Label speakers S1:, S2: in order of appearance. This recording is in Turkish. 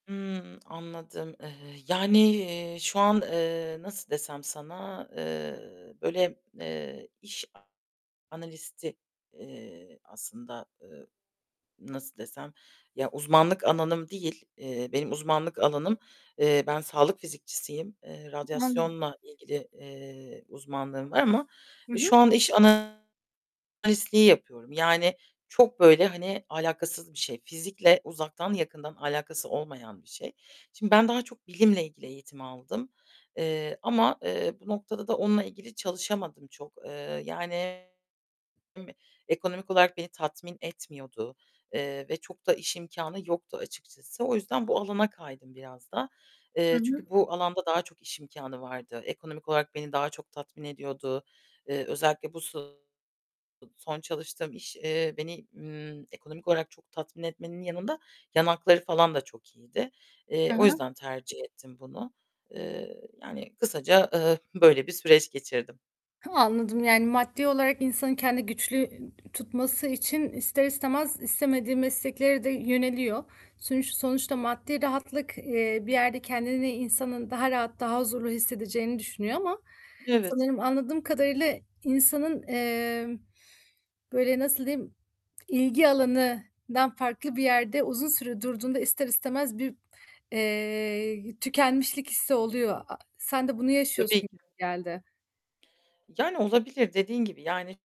S1: Hımm, anladım. Eee, yani, eee, şu an, eee, nasıl desem sana? Eee, böyle, eee, iş analisti, eee, aslında, eee, nasıl desem ya uzmanlık alanım değil. Eee, benim uzmanlık alanım eee, ben sağlık fizikçisiyim. Eee,
S2: [unintelligible]
S1: radyasyonla ilgili, eee, uzmanlığım var ama
S2: Hı hı.
S1: şu an iş analistliği yapıyorum. Yani çok böyle hani alâkasız bir şey. Fizikle uzaktan yakından alâkası olmayan bir şey. Şimdi ben daha çok bilimle ilgili eğitim aldım, eee, ama, eee, bu noktada da onunla ilgili çalışamadım çok. Eee, yani ekonomik olarak beni tatmin etmiyordu, eee, ve çok da iş imkânı yoktu açıkçası. O yüzden bu alana kaydım biraz da.
S2: Hı
S1: Eee, çünkü
S2: hı.
S1: bu alanda daha çok iş imkânı vardı. Ekonomik olarak beni daha çok tatmin ediyordu. Eee, özellikle bu son çalıştığım iş, eee, beni, ımm, ekonomik olarak çok tatmin etmenin yanında yan hakları falan da çok iyiydi. Eee,
S2: Hı
S1: o
S2: hı.
S1: yüzden tercih ettim bunu. Eee, yani kısaca, eee, böyle bir süreç geçirdim.
S2: Anladım. Yani maddi olarak insanın kendini güçlü tutması için ister istemez istemediği mesleklere de yöneliyor. Sonu sonuçta maddi rahatlık, eee, bir yerde kendini insanın daha rahat daha huzurlu hissedeceğini düşünüyor ama
S1: Evet.
S2: sanırım anladığım kadarıyla insanın, emm, böyle nasıl diyeyim ilgi alanından farklı bir yerde uzun süre durduğunda ister istemez bir, eee, tükenmişlik hissi oluyor. Sen de bunu yaşıyorsun
S1: Tabii
S2: gibi
S1: ki.
S2: geldi.
S1: Yani olabilir dediğin gibi yani